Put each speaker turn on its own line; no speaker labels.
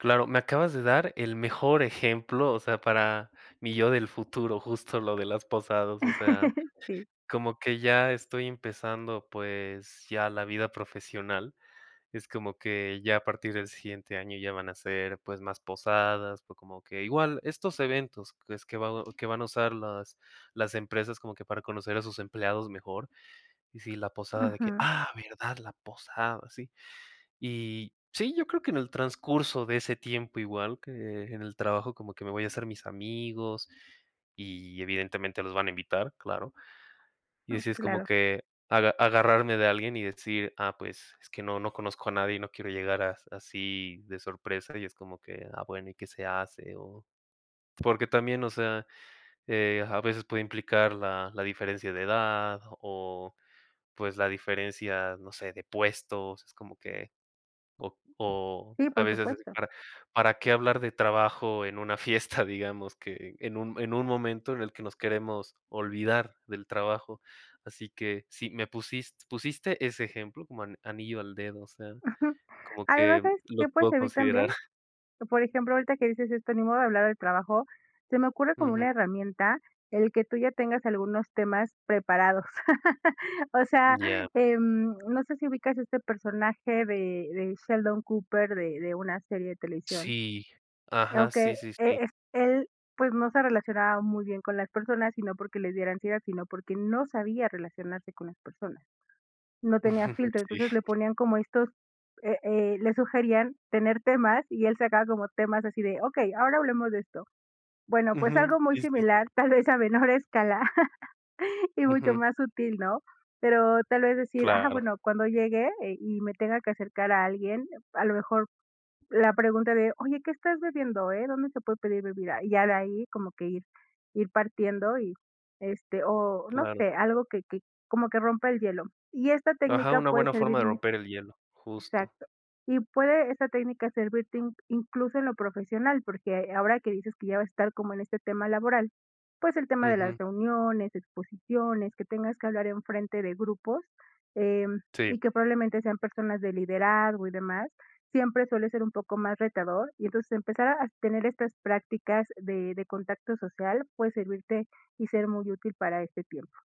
Claro, me acabas de dar el mejor ejemplo, o sea, para mi yo del futuro, justo lo de las posadas, o sea,
Sí.
como que ya estoy empezando, pues, ya la vida profesional, es como que ya a partir del siguiente año ya van a ser, pues, más posadas, fue como que igual estos eventos que es que va que van a usar las las empresas como que para conocer a sus empleados mejor. Y sí, la posada de que:
Ujú.
''Ah, verdad, la posada'', sí. Y sí, yo creo que en el transcurso de ese tiempo, igual que en el trabajo, como que me voy a hacer mis amigos y, evidentemente, los van a invitar, claro. Y
Mm,
así es como
claro.
que aga agarrarme de alguien y decir: ''Ah, pues es que no, no conozco a nadie'', y no quiero llegar a así de sorpresa y es como que, ah, bueno, ¿y qué se hace? O porque también, o sea, eh, a veces puede implicar la la diferencia de edad o, pues, la diferencia, no sé, de puestos, es como que o o
Sí,
a
por
veces
supuesto.
para para qué hablar de trabajo en una fiesta, digamos, que en un en un momento en el que nos queremos olvidar del trabajo. Así que sí, me pusis pusiste ese ejemplo co como anillo al dedo, o sea,
Ujú.
como que
Además, ¿sabes
lo
que puedes
puedo
servir también?
considerar.
Por ejemplo, ahorita que dices esto, ni modo de hablar al trabajo, se me ocurre como
Ujú.
una herramienta el que tú ya tengas algunos temas preparados. O sea,
Ya.
em, no sé si ubicas este personaje de de Sheldon Cooper, de de una serie de televisión.
Sí, ajá,
Aunque
sí, sí, sí.
e él, pues, no se relacionaba muy bien con las personas, sino porque le diera ansiedad, sino porque no sabía relacionarse con las personas. No tenía filtro, entonces le
Sí.
ponían como estos, eh eh le sugerían tener temas y él sacaba como temas así de: "Okey, ahora hablemos de esto". Bueno, pues
Ujú,
algo muy
sí, sí, sí.
similar, tal vez a menor escala y mucho
Ujú.
más útil, ¿no? Pero tal vez decir: ''Ah,
Claro.
bueno, cuando llegue eh, y me tenga que acercar a alguien'', a lo mejor la pregunta de: ''Oye, ¿qué estás bebiendo, eh? ¿Dónde se puede pedir bebida?". Y ya de ahí como que ir ir partiendo y, este o no
Claro.
sé algo que que como que rompa el hielo. Y esta
Ajá,
técnica
una
puede
buena forma
servir,
de
muy
romper el hielo, justo.
exacto. Y puede esta técnica servirte in-incluso en lo profesional porque ahora que dices que ya va estar como en este tema laboral. Pues el tema de las
Ujú.
reuniones, exposiciones, que tengas que hablar en frente de grupos, em,
Sí.
y que probablemente sean personas de liderazgo y demás, siempre suele ser un poco más retador y entonces empezar a tener estas prácticas de de contacto social puede servirte y ser muy útil para este tiempo.